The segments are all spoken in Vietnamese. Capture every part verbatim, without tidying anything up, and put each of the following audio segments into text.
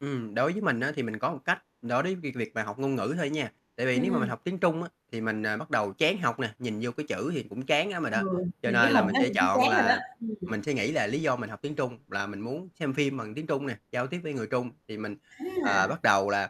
Ừm, đối với mình á, thì mình có một cách đối với việc việc mà học ngôn ngữ thôi nha. Tại Ừm, vì nếu mà mình ừm. học tiếng Trung á, thì mình, à, bắt đầu chán học nè, nhìn vô cái chữ thì cũng chán lắm rồi Ừ, đó. Cho nhìn cái nên là hình mình đó sẽ nhìn thấy chọn chán rồi đó. là Ừm. mình suy nghĩ là lý do mình học tiếng Trung là mình muốn xem phim bằng tiếng Trung nè, giao tiếp với người Trung thì mình, Á ờ, à. bắt đầu là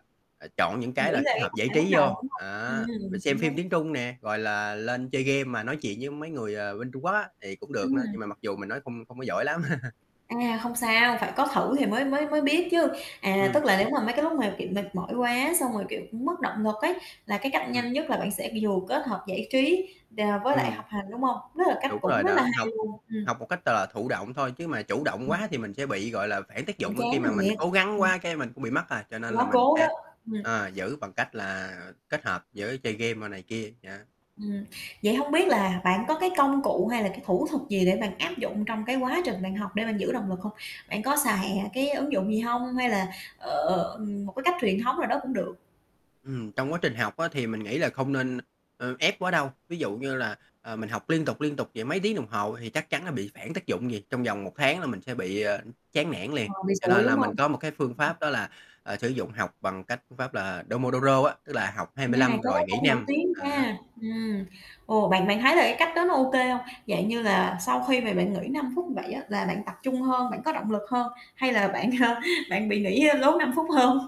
chọn những cái Nghĩ là về kết cái hợp cách giải bạn bắt trí đầu, vô, đúng hông? á. Rồi Ừm, xem cũng phim đúng. tiếng Trung nè, gọi là, lên chơi game mà nói chuyện với mấy người, ờ, bên Trung Quốc á, thì cũng được nữa, Ừm. nhưng mà mặc dù mình nói không không có giỏi lắm. À, không sao, phải có thử thì mới mới mới biết chứ. À, Ừm. tức là nếu mà mấy cái lúc mà, kiểu, mệt mỏi quá, xong rồi, kiểu, mất động lực ấy, là cái cách Ừm. nhanh nhất là bạn sẽ vừa kết hợp giải trí, ờ, với lại học Ừm. hành, đúng hông? Đó là cách Đúng cũng rồi rất là đó, hay học luôn. Ừm. học một cách t thụ động thôi chứ mà chủ động Ừm. quá thì mình sẽ bị, gọi là, phản tác Cũng dụng á, chán khi mà mình thiệt, cố gắng ừm. quá, cái mình cũng bị mất à. Cho nên là Quá mình cố đó, sẽ, ừm. ờ, giữ bằng cách là kết hợp với chơi game rồi này kia, dạ. Ừm. Vậy hông biết là bạn có cái công cụ hay là cái thủ thuật gì để bạn áp dụng trong cái quá trình bạn học để bạn giữ động lực hông? Bạn có xài cái ứng dụng gì hông hay là, ờ, một cái cách truyền thống nào đó cũng được. Ừm, trong quá trình học á, thì mình nghĩ là không nên, ơ, ép quá đâu. Ví dụ như là, ờ, mình học liên tục, liên tục vậy mấy tiếng đồng hồ thì chắc chắn là bị phản tác dụng liền, trong vòng một tháng là mình sẽ bị, ờ, chán nản liền. Ờ, bị Cho xụi, nên đúng là mình hông? có một cái phương pháp đó là, ờ, sử dụng học bằng cái phương pháp là Domodoro á, tức là học hai À, mươi cái lăm rồi đó nghỉ cũng nổi năm, tiếng á. nha. Ừm, ồ, bạn bạn thấy là cái cách đó nó OK hông? Dạng như là sau khi mà bạn nghỉ năm phút như vậy á, là bạn tập trung hơn, bạn có động lực hơn, hay là bạn bạn bị nghỉ lố năm phút hơn?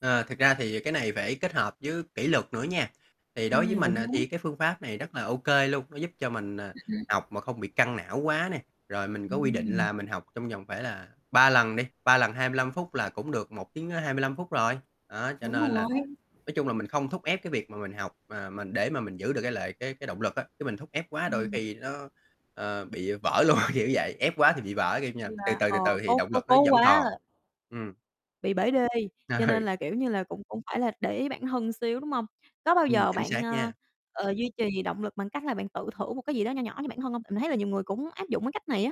Ờ, thực ra thì cái này phải kết hợp với kỷ luật nữa nha. Thì đối với Ừm, mình cũng đúng. thì cái phương pháp này rất là OK luôn, nó giúp cho mình, à, [unintelligible] học mà không bị căng não quá nè. Rồi mình có quy định Ừm. là mình học trong vòng phải là ba lần đi, ba lần hai lăm phút là cũng được một tiếng hai mươi lăm phút rồi. Đó, cho Đúng nên là, rồi. nói chung là mình không thúc ép cái việc mà mình học, mà mình để mà mình giữ được lợi cái cái cái động lực á. Chứ mình thúc ép quá đôi Ừm. khi nó, ờ, bị vỡ luôn, kiểu vậy, ép quá thì bị vỡ, kiểu như là từ [unintelligible] từ, từ Ờ, từ thì cố động cố lực nó cố quá vẫn còn. à. Ừm. Bị bể đê, cho nên Ừ. là, kiểu như là, cũng cũng phải là để ý bản thân xíu, đúng hông? Có bao Ừm, giờ chính bạn, xác ờ, nha. ờ, duy trì động lực bằng cách là bạn tự thưởng một cái gì đó nho nhỏ cho bản thân hông? Tại mình thấy là nhiều người cũng áp dụng cái cách này á.